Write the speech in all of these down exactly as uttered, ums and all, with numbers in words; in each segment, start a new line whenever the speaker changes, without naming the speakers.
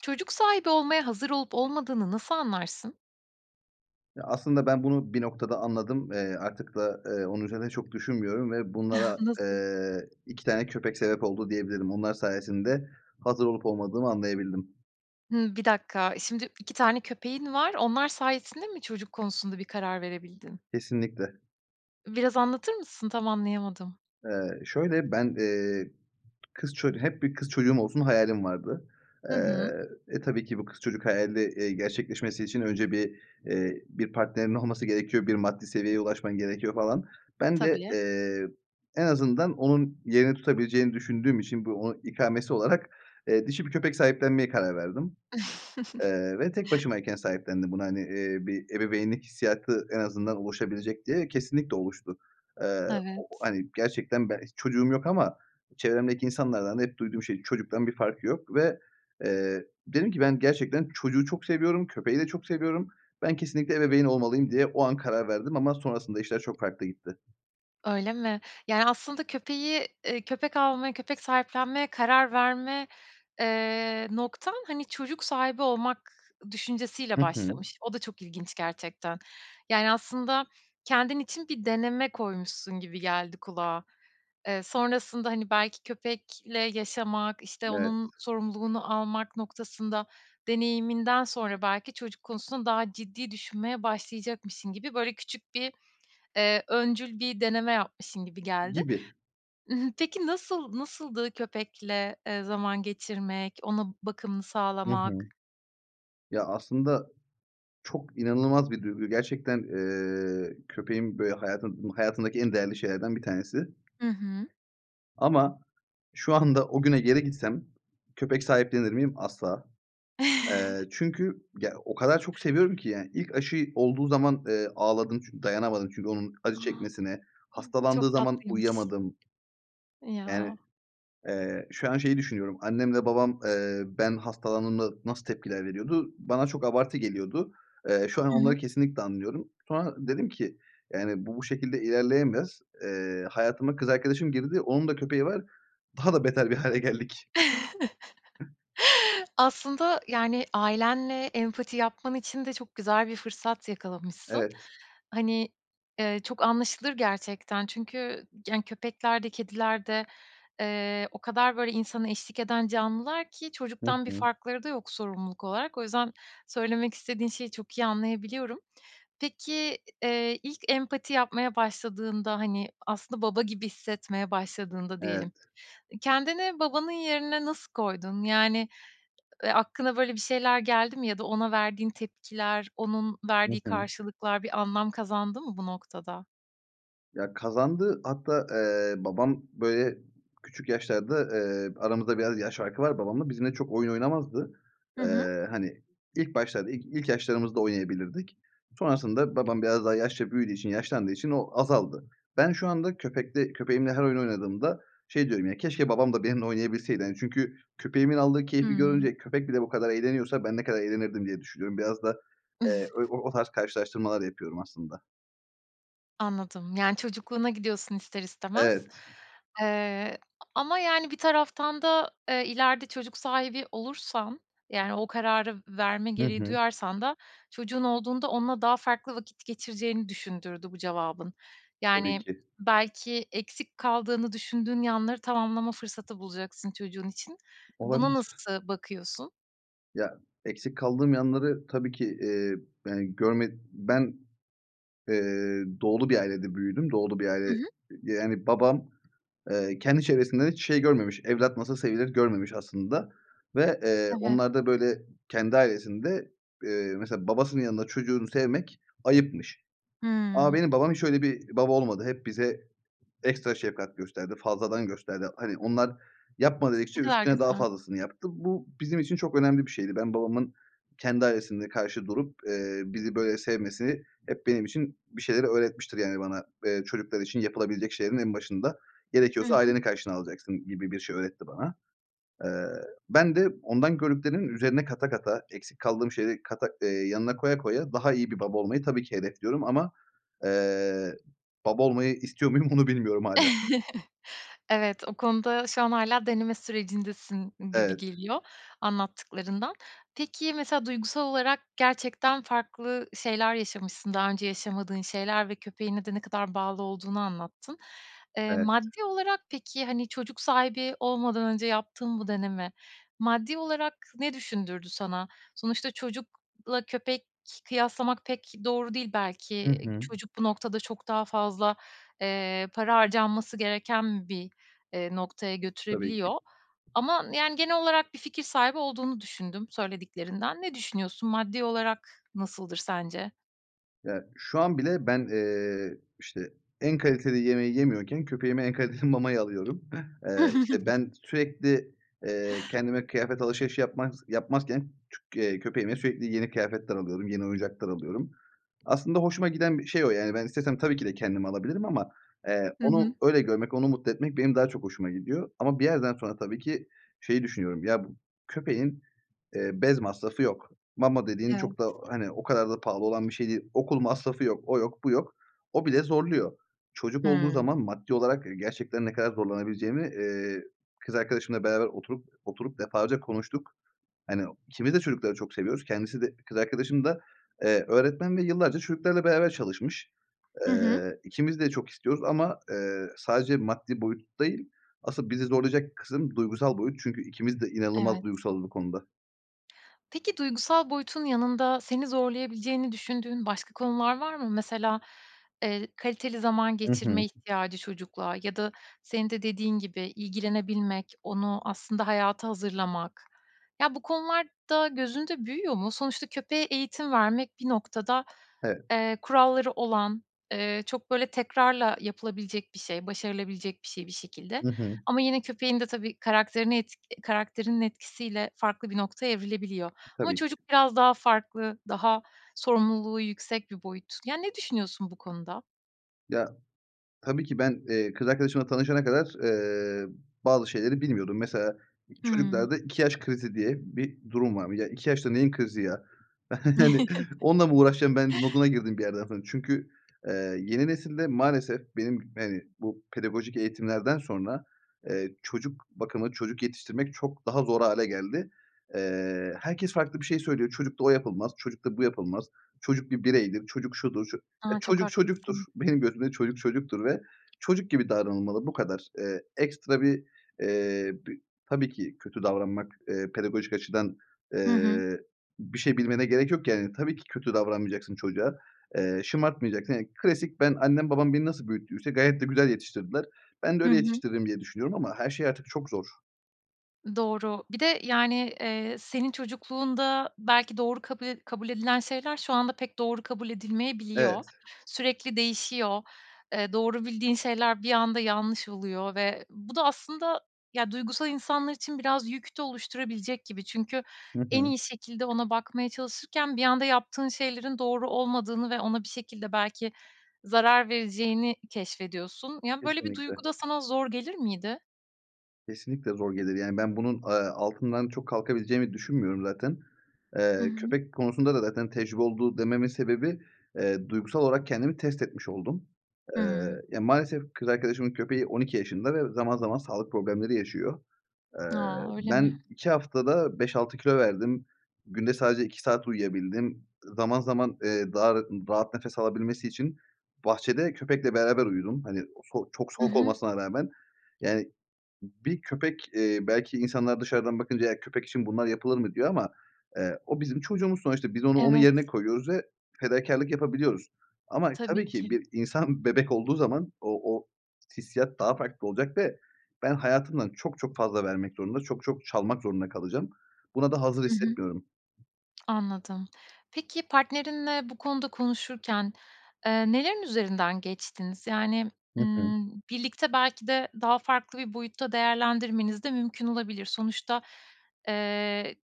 Çocuk sahibi olmaya hazır olup olmadığını nasıl anlarsın?
Ya, aslında ben bunu bir noktada anladım. Eee, artık da, eee, onun üzerine çok düşünmüyorum ve bunlara,
Nasıl?
eee, iki tane köpek sebep oldu diyebilirim. Onlar sayesinde hazır olup olmadığımı anlayabildim.
Hımm, bir dakika şimdi iki tane köpeğin var. Onlar sayesinde mi çocuk konusunda bir karar verebildin?
Kesinlikle.
Biraz anlatır mısın? Tam anlayamadım.
Eee, şöyle ben, eee, kız çocu hep bir kız çocuğum olsun hayalim vardı.
Hı hı.
Eee, e, tabii ki bu kız çocuk hayali, eee, gerçekleşmesi için önce bir, eee, bir partnerinin olması gerekiyor, bir maddi seviyeye ulaşman gerekiyor falan. Ben de,
Tabii.
eee, en azından onun yerini tutabileceğini düşündüğüm için bu onun ikamesi olarak, eee, dişi bir köpek sahiplenmeye karar verdim. Eee, ve tek başımayken sahiplendim bunu. Hani, eee, bir ebeveynlik hissiyatı en azından oluşabilecek diye, kesinlikle oluştu. Eee, o o,
Evet.
hani, gerçekten ben hiç çocuğum yok ama çevremdeki insanlardan da hep duyduğum şey, "Çocuktan bir farkı yok." ve, eee, dedim ki, "Ben gerçekten çocuğu çok seviyorum. Köpeği de çok seviyorum. Ben kesinlikle ebeveyn olmalıyım." diye o an karar verdim ama sonrasında işler çok farklı gitti.
Öyle mi? Yani aslında köpeği, eee, köpek almaya, köpek sahiplenmeye karar verme, eee, noktan hani çocuk sahibi olmak düşüncesi
Hı
ile
hı.
başlamış. O da çok ilginç gerçekten. Yani aslında kendin için bir deneme koymuşsun gibi geldi kulağa. Eee, sonrasında hani belki köpekle yaşamak, işte
Evet.
onun sorumluluğunu almak noktasında deneyiminden sonra belki çocuk konusunda daha ciddi düşünmeye başlayacakmışsın gibi böyle küçük bir, eee, öncül bir deneme yapmışsın gibi geldi.
Gibi.
I hı, peki nasıl, nasıldı köpekle, eee, zaman geçirmek, ona bakımını
Hı hı.
sağlamak?
Ya aslında çok inanılmaz bir duygu. Gerçekten, eee, köpeğim böyle hayatım hayatımdaki en değerli şeylerden bir tanesi.
Hı hı.
Ama şu anda o güne geri gitsem köpek sahiplenir miyim? Asla. Eee, çünkü ya o kadar çok seviyorum ki yani ilk aşıyı olduğu zaman, eee, ağladım çünkü dayanamadım çünkü onun acı
A! Hıı,
çekmesine, hastalandığı
çok
zaman
tatlıymış.
uyuyamadım. Yani,
Ya.
eee, şu an şeyi düşünüyorum. Annemle babam, eee, ben hastalandığımda nasıl tepkiler veriyordu? Bana çok abartı geliyordu. Eee, şu an
Hı
onları
hı.
kesinlikle anlıyorum. Sonra dedim ki yani bu, bu şekilde ilerleyemez. Eee, hayatıma kız arkadaşım girdi. Onun da köpeği var. Daha da beter bir hâle geldik. [unintelligible]
Aslında yani ailenle empati yapman için de çok güzel bir fırsat yakalamışsın.
Evet.
Hani, eee, çok anlaşılır gerçekten. Çünkü yani köpekler de kediler de, eee, o kadar böyle insana eşlik eden canlılar ki
Hı
çocuktan bir
hı.
farkları da yok sorumluluk olarak. O yüzden söylemek istediğin şeyi çok iyi anlayabiliyorum. Peki, eee, ilk empati yapmaya başladığında hani aslında baba gibi hissetmeye başladığında diyelim,
Evet.
kendini babanın yerine nasıl koydun? Yani, eee, aklına böyle bir şeyler geldi mi ya da ona verdiğin tepkiler, onun
Hı
verdiği
hı.
karşılıklar bir anlam kazandı mı bu noktada?
Ya kazandı. Hatta, eee, babam böyle küçük yaşlarda, eee, aramızda biraz yaş farkı var babamla, bizimle çok oyun oynamazdı.
Hı hı.
Eee, hani ilk başlarda ilk ilk yaşlarımızda oynayabilirdik. Sonrasında babam biraz daha yaşça büyüdüğü için yaşlandığı için o azaldı. Ben şu anda köpekte köpeğimle her oyun oynadığımda şey diyorum ya keşke babam da benimle oynayabilseydi hani çünkü köpeğimin aldığı keyfi
Hıı.
görünce köpek bile bu kadar eğleniyorsa ben ne kadar eğlenirdim diye düşünüyorum. Biraz da, eee, ö o o tarz karşılaştırmalar yapıyorum aslında.
Anladım. Yani, çocukluğuna gidiyorsun ister istemez,
Evet.
eee, ama yani bir taraftan da, eee, ileride çocuk sahibi olursan, yani, o kararı verme
Hı
gereği
hı.
duyarsan da çocuğun olduğunda onunla daha farklı vakit geçireceğini düşündürdü bu cevabın.
Tabii
Yani,
ki.
belki eksik kaldığını düşündüğün yanları tamamlama fırsatı bulacaksın çocuğun için. Buna
Olabilir.
nasıl bakıyorsun?
Ya, eksik kaldığım yanları tabii ki, eee, yani görme ben, eee, Doğulu bir ailede büyüdüm. Doğulu bir aile,
Hı
ııı,
hı.
yani babam, eee, kendi çevresinden hiç şey görmemiş, evlat nasıl sevilir görmemiş aslında ve, eee,
Evet.
onlarda, böyle, kendi ailesinde, eee, mesela babasının yanında çocuğunu sevmek ayıpmış.
Hıı.
Ama benim babam hiç öyle bir baba olmadı. Hep bize ekstra şevkat gösterdi. Fazladan gösterdi. Hani, onlar yapma,
Ne
dedikçe
kadar
üstüne daha
güzel.
fazlasını yaptı. Bu, bizim için çok önemli bir şeydi. Ben, babamın kendi ailesinde karşı durup, eee, bizi böyle sevmesi, hep benim için bir şeyleri öğretmiştir. Yani, bana, eee, çocuklar için yapılabilecek şeylerin en başında
Hı
gerekiyorsa
hı.
aileni karşına alacaksın gibi bir şey öğretti bana. Eee, ben de ondan gördüklerimin üzerine kata kata, eksik kaldığım şeyleri kata eee, yanına koya koya daha iyi bir baba olmayı tabii ki hedefliyorum ama, eee, baba olmayı istiyor muyum onu bilmiyorum hâlâ.
Evet, o konuda şu an hâlâ deneme sürecindesin gibi
Evet.
geliyor anlattıklarından. Peki, mesela duygusal olarak gerçekten farklı şeyler yaşamışsın. Daha önce yaşamadığın şeyler ve köpeğine de ne kadar bağlı olduğunu anlattın. Eee,
Evet
maddi olarak, peki, hani, çocuk sahibi olmadan önce yaptığın bu deneme, maddi olarak ne düşündürdü sana? Sonuçta çocukla köpek kıyaslamak pek doğru değil
Hı
belki.
hı.
Çocuk bu noktada çok daha fazla, eee, para harcanması gereken bir, eee, noktaya
Tabii ki.
götürebiliyor ama, yani, genel olarak bir fikir sahibi olduğunu düşündüm söylediklerinden. Ne düşünüyorsun? Maddi olarak nasıldır sence?
Ya, şu an bile ben, eee, işte, en kaliteli yemeği yemiyorken, köpeğime en kaliteli mamayı alıyorum. Eee, işte, ben sürekli, eee, kendime kıyafet alışverişi yapmaz yapmazken çü eee, köpeğime sürekli yeni kıyafetler alıyorum. Yeni oyuncaklar alıyorum. Aslında hoşuma giden bir şey o, yani, ben istesem tabii ki de kendimi alabilirim ama, eee,
Hı hı.
onu öyle görmek, onu mutlu etmek benim daha çok hoşuma gidiyor. Ama bir yerden sonra tabii ki şeyi düşünüyorum. Ya, bu köpeğin, eee, bez masrafı yok. Mama dediğin
Evet.
çok da, hani, o kadar da pahalı olan bir şey değil. Okul masrafı yok. O yok bu yok. O bile zorluyor. Çocuk olduğu
Hıı.
zaman maddi olarak, eee, gerçekten ne kadar zorlanabileceğimi, eee, kız arkadaşımla beraber oturup oturup defalarca konuştuk. Hani, ikimiz de çocukları çok seviyoruz. Kendisi de, kız arkadaşım da, eee, öğretmen ve yıllarca çocuklarla beraber çalışmış.
Hı hı.
Eee, ikimiz de çok istiyoruz. Ama, eee, sadece maddi boyut değil, asıl bizi zorlayacak kısım duygusal boyut. Çünkü ikimiz de inanılmaz
Evet.
duygusalız bu konuda.
Peki duygusal boyutun yanında seni zorlayabileceğini düşündüğün başka konular var mı? Mesela, eee, kaliteli zaman
Hı hı.
geçirme ihtiyacı, çocukla ya da senin de dediğin gibi ilgilenebilmek, onu aslında hayata hazırlamak. Ya, bu konular da gözünde büyüyor mu? Sonuçta köpeğe eğitim vermek bir noktada,
Evet.
eee, kuralları olan, eee, çok, böyle, tekrarla yapılabilecek bir şey, başarılabilecek bir şey, bir şekilde.
Hı hı.
Ama yine köpeğin de tabii karakterini et karakterinin etkisiyle farklı bir noktaya evrilebiliyor. Ama
Tabii ki.
çocuk biraz daha farklı, daha sorumluluğu yüksek bir boyut. Yani, ne düşünüyorsun bu konuda?
Ya, tabii ki ben, eee, kız arkadaşımla tanışana kadar, eee, bazı şeyleri bilmiyordum. Mesela, i
Hıı.
çocuklarda iki yaş krizi diye bir durum var. Ya, iki yaşta neyin krizi ya, hani, "Onunla mı uğraşacağım ben!" moduna girdim bir yerden sonra. Çünkü, eee, yeni nesilde maalesef benim, hani, bu pedagojik eğitimlerden sonra, eee, çocuk bakımı, çocuk yetiştirmek çok daha zor hâle geldi. Eee, herkes farklı bir şey söylüyor. "Çocukla o yapılmaz, çocukla bu yapılmaz, çocuk bir bireydir, çocuk şudur, ço" Eee,
A, çok
çocuk çocuktur.
haklısın.
Benim gözümde çocuk çocuktur ve çocuk gibi davranılmalı, bu kadar. Eee, ekstra bir, eee, b tabii ki kötü davranmak, eee, pedagojik açıdan,
Hı hı.
eee, bir şey bilmene gerek yok yani. Tabii ki kötü davranmayacaksın çocuğa, eee, şımartmayacaksın. Ya, klasik ben, annem, babam beni nasıl büyüttüyse gayet de güzel yetiştirdiler. Ben de
Hı
öyle
hı.
yetiştiririm diye düşünüyorum ama her şey artık çok zor.
Doğru. Bir de, yani, eee, senin çocukluğunda belki doğru kabul ed kabul edilen şeyler şu anda pek doğru kabul edilmeyebiliyor.
Evet.
Sürekli değişiyor, eee, doğru bildiğin şeyler bir anda yanlış oluyor ve bu da aslında, ya, duygusal insanlar için biraz yük de oluşturabilecek gibi. Çünkü
Hı
en
hı.
iyi şekilde ona bakmaya çalışırken bir anda yaptığın şeylerin doğru olmadığını ve ona bir şekilde belki zarar vereceğini keşfediyorsun. Ya, böyle bir
Kesinlikle.
duygu da sana zor gelir miydi?
Kesinlikle zor gelir. Yani ben bunun, eee, altından çok kalkabileceğimi düşünmüyorum zaten.
Hı
Eee,
hı.
köpek konusunda da zaten tecrübe oldu dememin sebebi, eee, duygusal olarak kendimi test etmiş oldum. Eee,
Hımm.
ya maalesef kız arkadaşımın köpeği on iki yaşında ve zaman zaman sağlık problemleri yaşıyor. Eee,
A, öyle mi?
ben iki haftada beş altı kilo verdim. Günde sadece iki saat uyuyabildim. Zaman zaman, eee, daha rat rahat nefes alabilmesi için bahçede köpekle beraber uyudum. Hani, o so çok
Hı
soğuk
hı.
olmasına rağmen yani bir köpek, eee, belki insanlar dışarıdan bakınca "Eğer köpek için bunlar yapılır mı?" diyor ama, eee, o bizim çocuğumuz sonuçta. Biz onu onun
Evet.
yerine koyuyoruz ve fedakârlık yapabiliyoruz. Ama tabii
Tabii
ki
ki.
bir insan bebek olduğu zaman o o hissiyat daha farklı olacak ve ben hayatımdan çok çok fazla vermek zorunda, çok çok çalmak zorunda kalacağım. Buna da hazır
Hı hı.
hissetmiyorum.
Anladım. Peki, partnerinle bu konuda konuşurken, eee, nelerin üzerinden geçtiniz? Yani,
Hı hı.
ımm, birlikte belki de daha farklı bir boyutta değerlendirmeniz de mümkün olabilir. Sonuçta, eee,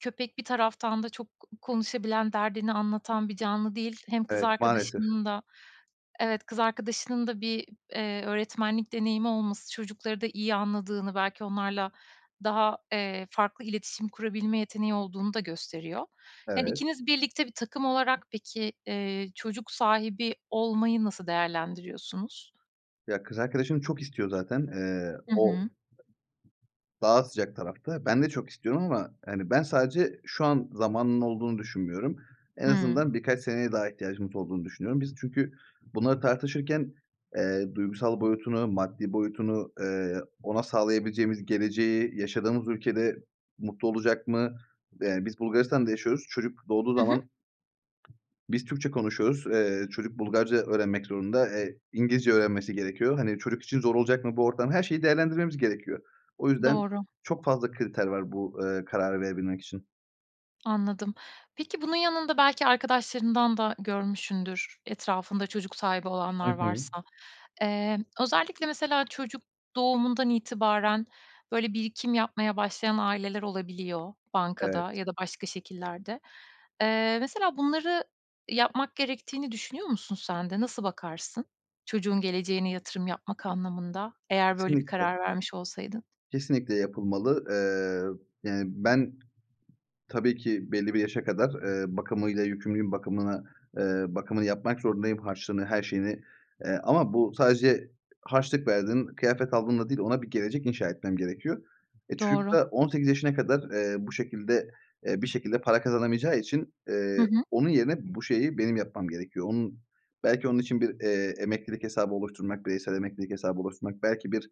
köpek bir taraftan da çok ko konuşabilen, derdini anlatan bir canlı değil. Hem kız
Evet, maalesef.
arkadaşının da evet, kız arkadaşının da bir, eee, öğretmenlik deneyimi olması çocukları da iyi anladığını, belki onlarla daha, eee, farklı iletişim kurabilme yeteneği olduğunu da gösteriyor. Yani,
Evet.
ikiniz birlikte bir takım olarak peki, eee, çocuk sahibi olmayı nasıl değerlendiriyorsunuz?
Ya, kız arkadaşım çok istiyor zaten. Eee,
Hı
o
hı.
daha sıcak tarafta. Ben de çok istiyorum. Ama, hani, ben sadece şu an zamanının olduğunu düşünmüyorum. En
Hıı.
azından birkaç seneye daha ihtiyacımız olduğunu düşünüyorum. Biz çünkü bunları tartışırken, eee, duygusal boyutunu, maddi boyutunu, eee, ona sağlayabileceğimiz geleceği, yaşadığımız ülkede mutlu olacak mı? Eee, biz Bulgaristan'da yaşıyoruz. Çocuk doğduğu
Hı hı.
zaman biz Türkçe konuşuyoruz. Eee, çocuk Bulgarca öğrenmek zorunda. Eee, İngilizce öğrenmesi gerekiyor. Hani, çocuk için zor olacak mı bu ortam? Her şeyi değerlendirmemiz gerekiyor. O yüzden
Doğru.
çok fazla kriter var bu, eee, kararı verebilmek için.
Anladım. Peki, bunun yanında belki arkadaşlarından da görmüşsündür, etrafında çocuk sahibi
Hı
olanlar
hı.
varsa. Eee, özellikle mesela çocuk doğumundan itibaren, böyle, birikim yapmaya başlayan aileler olabiliyor,
Evet.
bankada ya da başka şekillerde. Eee, mesela bunları yapmak gerektiğini düşünüyor musun sen de, nasıl bakarsın? Çocuğun geleceğine yatırım yapmak anlamında, eğer böyle bir
Kesinlikle.
karar vermiş olsaydın.
Kesinlikle yapılmalı. Eee, yani, ben tabii ki belli bir yaşa kadar, eee, bakımıyla yükümlüyüm. Bakımına, eee, bakımını yapmak zorundayım. Harçlığını, her şeyini, eee, ama bu sadece harçlık verdin, kıyafet aldınla değil, ona bir gelecek inşa etmem gerekiyor. E, çocuk
Doğru.
da on sekiz yaşına kadar, eee, bu şekilde, eee, bir şekilde para kazanamayacağı için,
Hı
eee,
hı.
onun yerine bu şeyi benim yapmam gerekiyor. Onun, belki onun için bir, eee, emeklilik hesabı oluşturmak, bireysel emeklilik hesabı oluşturmak. Belki bir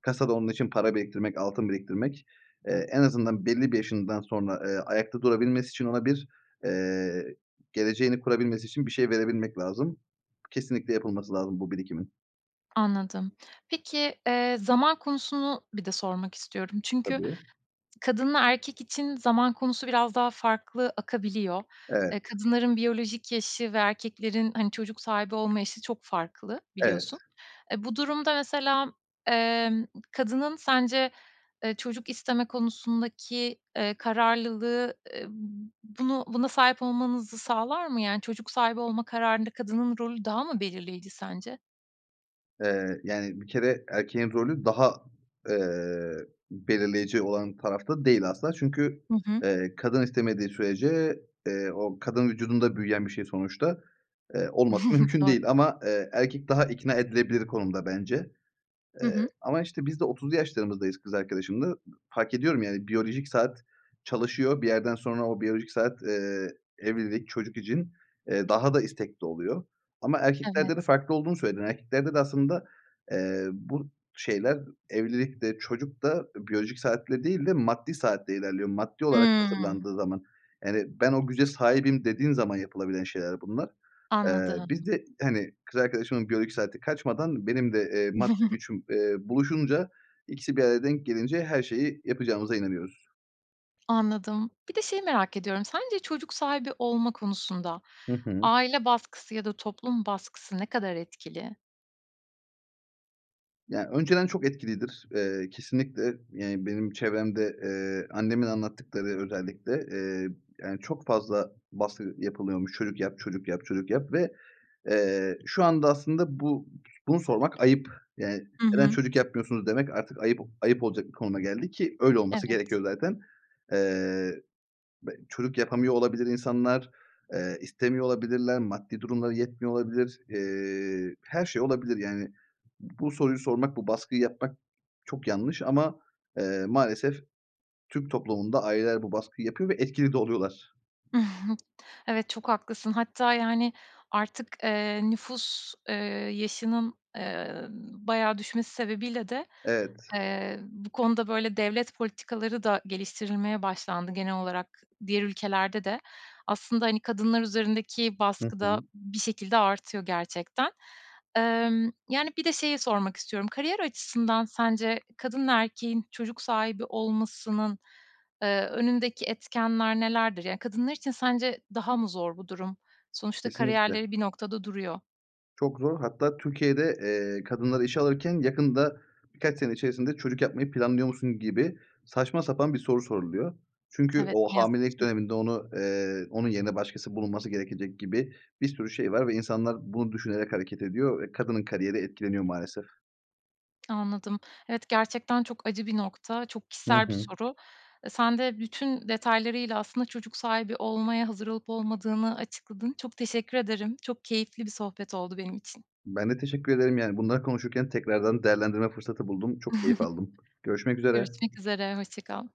kasada onun için para biriktirmek, altın biriktirmek, eee, en azından belli bir yaşından sonra, eee, ayakta durabilmesi için ona bir, eee, geleceğini kurabilmesi için bir şey verebilmek lazım. Kesinlikle yapılması lazım bu birikimin.
Anladım. Peki, eee, zaman konusunu bir de sormak istiyorum. Çünkü
Tabii.
kadınla erkek için zaman konusu biraz daha farklı akabiliyor.
Evet.
Eee, kadınların biyolojik yaşı ve erkeklerin hani çocuk sahibi olma yaşı çok farklı.
Evet.
Biliyorsun. Eee, bu durumda mesela, eee, kadının sence, eee, çocuk isteme konusundaki, eee, kararlılığı, eee, bunu buna sahip olmanızı sağlar mı? Yani çocuk sahibi olma kararında kadının rolü daha mı belirleyici sence?
Eee, yani bir kere erkeğin rolü daha, eee, belirleyeceği olan tarafta da değil asla çünkü,
Hı hı.
eee, kadın istemediği sürece, eee, o kadın vücudunda büyüyen bir şey sonuçta, eee, olması mümkün
Doğ
değil. Ama, eee, erkek daha ikna edilebilir konumda bence.
Hı
Eee,
hı.
ama işte biz de otuzlu yaşlarımızdayız kız arkadaşımla. Iıı, fark ediyorum yani biyolojik saat çalışıyor. Bir yerden sonra o biyolojik saat, eee, evlilik, çocuk için, eee, daha da istekli oluyor. Ama erkeklerde de
Evet.
farklı olduğunu söyledim. Erkeklerde de aslında, eee, bu şeyler evlilik de çocuk da, eee, biyolojik saatle değil de maddi saatle ilerliyor maddi olarak
Hı.
hazırlandığı zaman. Yani ben o güce sahibim dediğin zaman yapılabilen şeyler bunlar. Eee,
Anladım.
biz de hani kız arkadaşımın biyolojik saati kaçmadan benim de, eee, maddi gücüm, eee, buluşunca. İkisi bir araya denk gelince her şeyi yapacağımıza inanıyoruz.
Anladım. Bir de şeyi merak ediyorum. Sence çocuk sahibi olmak konusunda
Hı hı.
aile baskısı ya da toplum baskısı ne kadar etkili?
Ya, önceden çok etkilidir. Eee, kesinlikle, yani, benim çevremde, eee, annemin anlattıkları özellikle, eee, yani, çok fazla baskı yapılıyormuş. "Çocuk yap, çocuk yap, çocuk yap." Ve, eee, şu anda aslında bu bunu sormak ayıp. Yani,
Hı
"Neden
hı.
çocuk yapmıyorsunuz?" demek artık ayıp ayıp olacak bir konuma geldi ki öyle olması
Evet.
gerekiyor zaten. Eee, b çocuk yapamıyor olabilir insanlar. Eee, istemiyor olabilirler. Maddi durumları yetmiyor olabilir. Eee, her şey olabilir, yani. Bu soruyu sormak, bu baskıyı yapmak çok yanlış. Ama, eee, maalesef Türk toplumunda aileler bu baskıyı yapıyor ve etkili de oluyorlar.
Evet, çok haklısın. Hatta, yani, artık, eee, nüfus, eee, yaşının, eee, bayağı düşmesi sebebiyle de,
Evet.
eee, bu konuda, böyle, devlet politikaları da geliştirilmeye başlandı. Genel olarak diğer ülkelerde de aslında, hani, kadınlar üzerindeki
Hı
baskı da
hı
bir şekilde artıyor gerçekten. Emm, yani, bir de şeyi sormak istiyorum. Kariyer açısından sence kadın ve erkeğin çocuk sahibi olmasının, eee, önündeki etkenler nelerdir? Ya, kadınlar için sence daha mı zor bu durum? Sonuçta
Kesinlikle.
kariyerleri bir noktada duruyor.
Çok zor. Hatta Türkiye'de, eee, kadınları işe alırken yakında, birkaç sene içerisinde "Çocuk yapmayı planlıyor musun?" gibi saçma sapan bir soru soruluyor. Çünkü
Evet,
o
ne yazık
hamilelik
ki.
döneminde onu, eee, onun yerine başkası bulunması gerekecek gibi bir sürü şey var ve insanlar bunu düşünerek hareket ediyor ve kadının kariyeri etkileniyor maalesef.
Anladım. Evet, gerçekten çok acı bir nokta. Çok
Hı
kişisel bir
hı.
soru. Eee, sen de bütün detaylarıyla aslında çocuk sahibi olmaya hazır olup olmadığını açıkladın. Çok teşekkür ederim. Çok keyifli bir sohbet oldu benim için.
Ben de teşekkür ederim. Yani, bunları konuşurken tekrardan değerlendirme fırsatı buldum. Çok keyif aldım. Görüşmek üzere.
Görüşmek üzere. Hoşça kal.